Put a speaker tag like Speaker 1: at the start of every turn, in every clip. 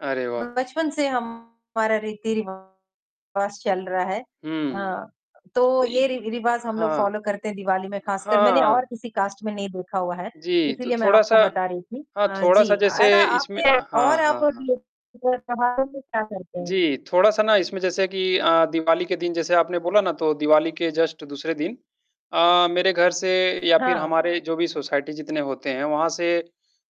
Speaker 1: अरे, वाह।
Speaker 2: बचपन से हमारा रीति-रिवाज चल रहा है।
Speaker 1: हुँ।
Speaker 2: अ, तो ये रि-रिवाज हम लोग
Speaker 1: हाँ,
Speaker 2: फॉलो करते हैं दिवाली में खासकर मैंने और
Speaker 1: हाँ।
Speaker 2: किसी कास्ट में नहीं देखा हुआ है,
Speaker 1: जी, तो
Speaker 2: इसीलिए मैं
Speaker 1: थोड़ा सा
Speaker 2: आपको बता रही थी
Speaker 1: हाँ,
Speaker 2: अ,
Speaker 1: थोड़ा
Speaker 2: जी,
Speaker 1: सा जैसे
Speaker 2: ऐसा आप
Speaker 1: इसमें हाँ,
Speaker 2: और आप
Speaker 1: हाँ, हाँ।
Speaker 2: [unintelligible] क्या करते हैं?
Speaker 1: जी, थोड़ा सा ना इसमें जैसे कि अ, दिवाली के दिन जैसे आपने बोला ना तो दिवाली के जस्ट दूसरे दिन अ, मेरे घर से या फिर
Speaker 2: हाँ।
Speaker 1: हमारे जो भी सोसाइटी जितने होते हैं, वहाँ से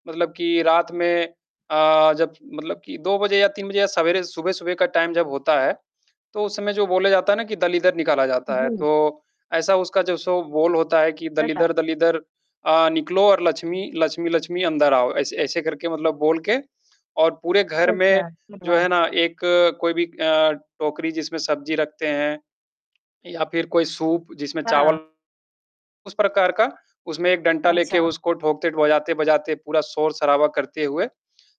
Speaker 1: मतलब कि रात में अ, जब मतलब कि 2 बजे या 3 बजे या सवेरे सुबह-सुबह का टाइम जब होता है, तो उस समय जो बोला जाता है ना कि दलीदर निकाला जाता है,
Speaker 2: जी।
Speaker 1: तो ऐसा उसका जो सो बोल होता है कि
Speaker 2: अच्छा।
Speaker 1: दलीदर दलीदर अ, निकलो और लक्ष्मी लक्ष्मी लक्ष्मी अंदर आओ। ऐसे ऐसे करके मतलब बोल के और पूरे
Speaker 2: अच्छा,
Speaker 1: घर में,
Speaker 2: अच्छा।
Speaker 1: जो है
Speaker 2: [unintelligible]
Speaker 1: ना एक कोई भी अ, टोकरी जिसमें सब्जी रखते हैं, या फिर कोई सूप जिसमें
Speaker 2: हाँ।
Speaker 1: चावल उस प्रकार का, उसमें एक डंटा लेके
Speaker 2: अच्छा।
Speaker 1: उसको ठोकते बजाते-बजाते पूरा शोर-शराबा करते हुए,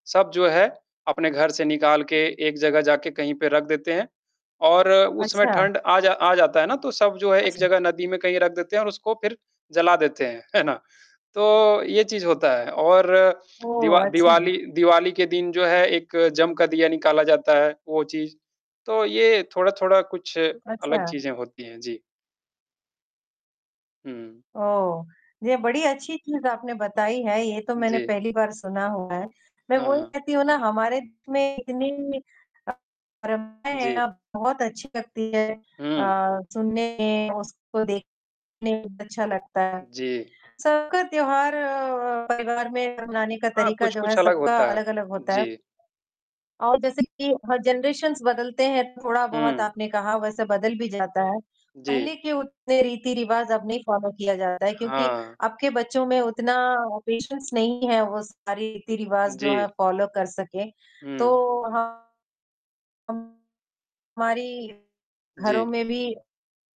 Speaker 1: सब जो है अपने घर से निकाल के एक जगह जाके कहीं पे रख देते हैं। और उसमें
Speaker 2: अच्छा।
Speaker 1: ठंड आ जा आ जाता है ना, तो सब जो है एक
Speaker 2: अच्छा।
Speaker 1: जगह नदी में कहीं रख देते हैं और उसको फिर जला देते हैं, है ना? तो, ये चीज़ होता है और दिवा
Speaker 2: ओह! अच्छा।
Speaker 1: दिवाली दिवाली के दिन जो है एक जम का दिया निकाला जाता है वो चीज़। तो ये थोड़ा-थोड़ा कुछ
Speaker 2: अच्छा।
Speaker 1: अलग चीज़ें होती हैं, जी। हुँ।
Speaker 2: ओह, ये बड़ी अच्छी चीज़ आपने बताई है ये तो मैंने
Speaker 1: जी।
Speaker 2: पहली बार सुना हुआ है, मैं
Speaker 1: हाँ,
Speaker 2: वही
Speaker 1: हाँ।
Speaker 2: कहती हूँ ना हमारे में इतनी
Speaker 1: जी।
Speaker 2: [unintelligible] बहुत अच्छी लगती है
Speaker 1: हुँ।
Speaker 2: अ, सुनने में उसको देखने में अच्छा लगता है।
Speaker 1: जी।
Speaker 2: सबका त्योहार परिवार में मनाने का
Speaker 1: हाँ,
Speaker 2: तरीका जो है
Speaker 1: कुछ-कुछ अलग
Speaker 2: सबका
Speaker 1: होता है,
Speaker 2: अलग-अलग होता है।
Speaker 1: जी।
Speaker 2: और जैसे कि हर जनरेशंस बदलते हैं, थोड़ा बहुत
Speaker 1: हुँ।
Speaker 2: आपने कहा, वैसे बदल भी जाता है, पहले
Speaker 1: जी।
Speaker 2: के उतने रीति-रिवाज अब नहीं फॉलो किया जाता है। क्योंकि
Speaker 1: हाँ।
Speaker 2: अब के बच्चों में उतना पेशेंस नहीं है, वो सारी रीति-रिवाज़ जो है,
Speaker 1: जी।
Speaker 2: फॉलो कर सकें,
Speaker 1: हुँ।
Speaker 2: तो हमारी घरों
Speaker 1: जी।
Speaker 2: में भी,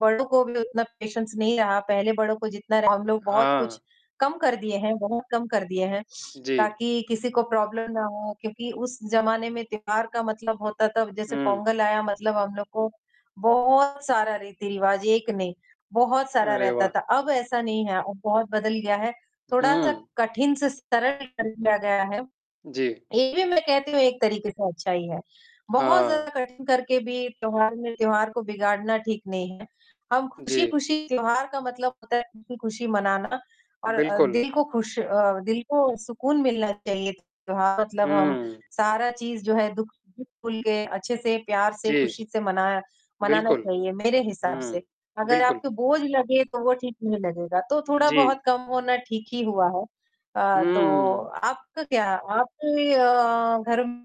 Speaker 2: बड़ों को भी उतना पेशेंस नहीं रहा। पहले बड़ों को जितना हम लोग बहुत
Speaker 1: हाँ।
Speaker 2: कुछ कम कर दिए हैं बहुत कम कर दिए हैं
Speaker 1: जी।
Speaker 2: ताकि किसी को प्रॉब्लम ना हो क्योंकि उस ज़माने में त्योहार का मतलब होता था, जैसे
Speaker 1: हुँ।
Speaker 2: पोंगल आया मतलब हम लोगों को, बहुत सारा रीति-रिवाज, 1 नहीं बहुत सारा
Speaker 1: अरे,
Speaker 2: रहता
Speaker 1: वाह!
Speaker 2: था, अब ऐसा नहीं है, अब बहुत बदल गया है। थोड़ा-सा
Speaker 1: हुँ।
Speaker 2: कठिन से सरल कर लिया गया है,
Speaker 1: जी।
Speaker 2: ये भी मैं कहती हूँ एक तरीके से अच्छा ही है। बहुत
Speaker 1: हाँ।
Speaker 2: ज़्यादा कठिन करके भी त्योहार में त्योहार को बिगाड़ना ठीक नहीं है। हम
Speaker 1: जी।
Speaker 2: खुशी-खुशी त्योहार का मतलब होता है, खुशी-खुशी मनाना और
Speaker 1: बिल्कुल।
Speaker 2: दिल को खुश अ, दिल को सुकून मिलना चाहिए त्योहार मतलब हम
Speaker 1: हुँ।
Speaker 2: सारा चीज़ जो है, दुःख भूल के अच्छे से प्यार से
Speaker 1: जी।
Speaker 2: खुशी से मना मनाना
Speaker 1: बिल्कुल।
Speaker 2: चाहिए मेरे हिसाब
Speaker 1: हुँ।
Speaker 2: से। अगर
Speaker 1: बिल्कुल।
Speaker 2: आपको बोझ लगे तो वो ठीक नहीं लगेगा, तो थोड़ा बहुत
Speaker 1: जी।
Speaker 2: कम होना ठीक ही हुआ है
Speaker 1: हुँ,
Speaker 2: अ,
Speaker 1: हुँ,
Speaker 2: तो
Speaker 1: हुँ।
Speaker 2: आपका क्या आपके अ, घर